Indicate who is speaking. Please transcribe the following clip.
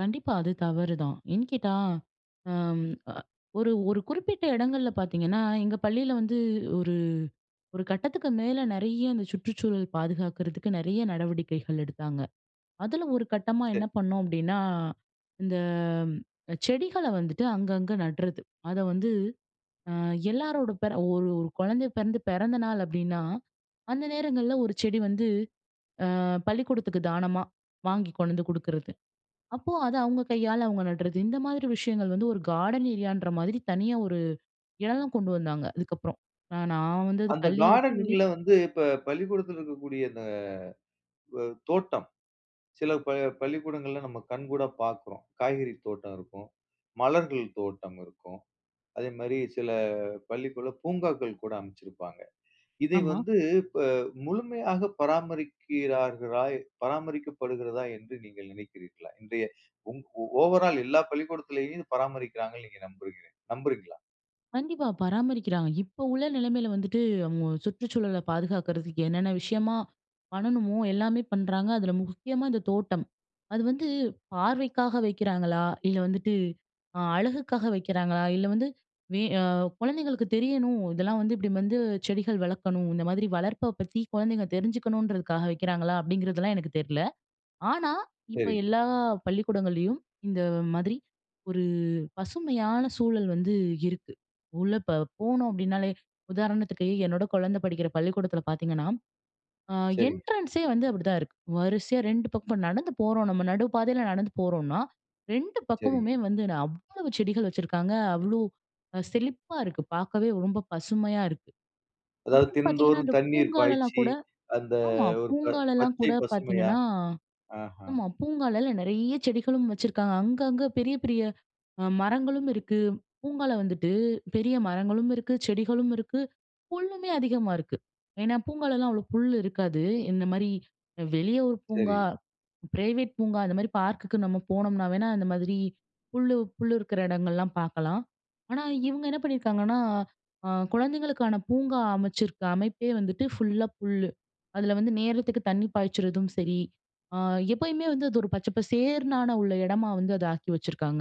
Speaker 1: கண்டிப்பா, அது தவறுதான். ஏன் கேட்டா, அம் அ ஒரு ஒரு குறிப்பிட்ட இடங்கள்ல பார்த்தீங்கன்னா, எங்க பள்ளியில வந்து ஒரு ஒரு கட்டத்துக்கு மேல நறைய அந்த சுற்றுச்சூழல் பாதுகாக்கிறதுக்கு நெறைய நடவடிக்கைகள் எடுத்தாங்க. அதில ஒரு கட்டமா
Speaker 2: சரி.
Speaker 1: என்ன பண்ணோம் அப்டின்னா, இந்த அ செடிகள வந்துட்டு அங்கங்க நட்றது. அத வந்து, அ எல்லாரோட பேர ஒரு ஒரு குழந்தை பிறந்து, பிறந்த நாள் அப்டின்னா அந்த நேரங்கள்ல 1 செடி வந்து ஆ பள்ளிக்கூடத்துக்கு தானமா வாங்கி கொண்டந்து குடுக்கிறது. அப்போ அத அவுங்க கையால அவுங்க நட்றது. இந்த மாதிரி விஷயங்கள் வந்து ஒரு கார்டன் ஏரியான்றமாதிரி தனியா ஒரு எடம்லாம் கொண்டு வந்தாங்க, அதுக்கப்புறம். நான் நான் வந்தது
Speaker 2: அந்த
Speaker 1: பள்ளிய விட்டு வெளிய
Speaker 2: கார்டன்ல வந்து இப்ப பள்ளிக்கூடத்தில இருக்கக்கூடிய இந்த அ தோட்டம். சில ப பள்ளிக்கூடங்கள்ல நம்ம கண்கூடா பார்க்குறோம். காய்கறி தோட்டம் இருக்கும். மலர்கள் தோட்டம் இருக்கும். அதேமாரி சில பள்ளிக்குள்ள பூங்காக்கள் கூட அமச்சிருப்பாங்க. இதை
Speaker 1: ஆமா.
Speaker 2: வந்து இப்ப முழுமையா பராமரிக்கிறார்களா பராமரிக்கப்படுகிறதா? என்று நீங்கள் நினைக்கிறீர்களா? இன்றைய உங் ஓவர் ஆல் எல்லா பள்ளிக்கூடத்திலயும் இத பராமரிக்கிறாங்கன்னு நீங்கள் நம்புகிறீ நம்புறீங்களா?
Speaker 1: கண்டிப்பா. பராமரிக்கிறாங்க. இப்போ உள்ள நிலைமையில வந்துட்டு அவுங்க சுற்றுச்சூழல பாதுகாக்கிறதுக்கு என்னென்ன விஷயமா பண்ணணுமோ! எல்லாமே பண்றாங்க. அதில முக்கியமா இந்த தோட்டம். அது வந்து பார்வைக்காக வைக்கிறாங்களா? இல்ல வந்துட்டு அ அழகுக்காக வைக்கிறாங்களா? இல்ல வந்து, வே ஆ, குழந்தைகளுக்கு தெரியணும், இதெல்லாம் வந்து இப்டி வந்து செடிகள் வளர்க்கணும். இந்தமாதிரி வளர்ப்ப பத்தி குழந்தைங்க தெரிஞ்சுக்கணுன்றதுக்காக வைக்கிறாங்களா? அப்டிங்கிறதெல்லாம் எனக்கு தெரில. ஆனா, இப்ப
Speaker 2: சரி.
Speaker 1: எல்லா பள்ளிக்கூடங்கள்லையும், இந்த மாதிரி ஒரு பசுமையான சூழல் வந்து இருக்கு. உள்ள ப போனோம் அப்டினாலே உதாரணத்துக்கு, என்னோட குழந்தை படிக்கிற பள்ளிக்கூடத்தில பார்த்தீங்கன்னா, ஆ
Speaker 2: சரிங்க.
Speaker 1: என்ட்ரன்ஸ்சே வந்து அப்டி தான் இருக்கு. வரிசையா 2 பக்கம் இப்ப நடந்து போறோம் நம்ம நடு பாதையில நடந்து போறோன்னா, 2
Speaker 2: சரிங்க.
Speaker 1: பக்கமுமே வந்து நா அவ்வளவு செடிகள் வச்சிருக்காங்க. அவ்ளோ அ செழிப்பா இருக்கு. பார்க்கவே ரொம்ப பசுமையா இருக்கு.
Speaker 2: அதாவது
Speaker 1: அப்புறம் பார்த்தீங்கன்னா,
Speaker 2: தினந்தோறும்
Speaker 1: அந்த
Speaker 2: தண்ணீர்
Speaker 1: பூங்காலலாம்
Speaker 2: பாய்ச்சி,
Speaker 1: கூட
Speaker 2: அந்த
Speaker 1: ஆமா
Speaker 2: ஒரு ப
Speaker 1: பூங்காலலாம்
Speaker 2: பச்சை
Speaker 1: கூட
Speaker 2: பசுமையா,
Speaker 1: பார்த்தீங்கன்னா
Speaker 2: ஆஹ்ம்.
Speaker 1: ஆமா. பூங்காலெல்லாம் நிறைய செடிகளும் வச்சுருக்காங்க. அங்க, அங்க பெரிய, பெரிய அ மரங்களும் இருக்கு. பூங்கால வந்துட்டு பெரிய மரங்களும் இருக்கு. செடிகளும் இருக்கு. புல்லுமே அதிகமா இருக்கு. ஏன்னா பூங்காலலாம் அவ்ளோ புல் இருக்காது. இந்தமாரி அ வெளிய ஒரு பூங்கா
Speaker 2: சரி.
Speaker 1: பிரைவேட் பூங்கா, அந்தமாரி பார்க்குக்கு நம்ம போனம்ன்னா வேணா, அந்த மாதிரி புல்லு, புல்லு இருக்குற இடங்கள்லாம் பார்க்கலாம். ஆனா, இவுங்க என்ன பண்ணியிருக்காங்கன்னா, ஆ குழந்தைங்களுக்கான பூங்கா அமைச்சிருக்க அமைப்பே வந்துட்டு ஃபுல்லா புல்லு. அதில வந்து நேரத்துக்கு தண்ணீ பாய்ச்சுறதும் சரி, அ எப்பயுமே வந்து அது ஒரு பச்சை பசேர்ன்னான உள்ள இடமா வந்து அத ஆக்கி வச்சுருக்காங்க.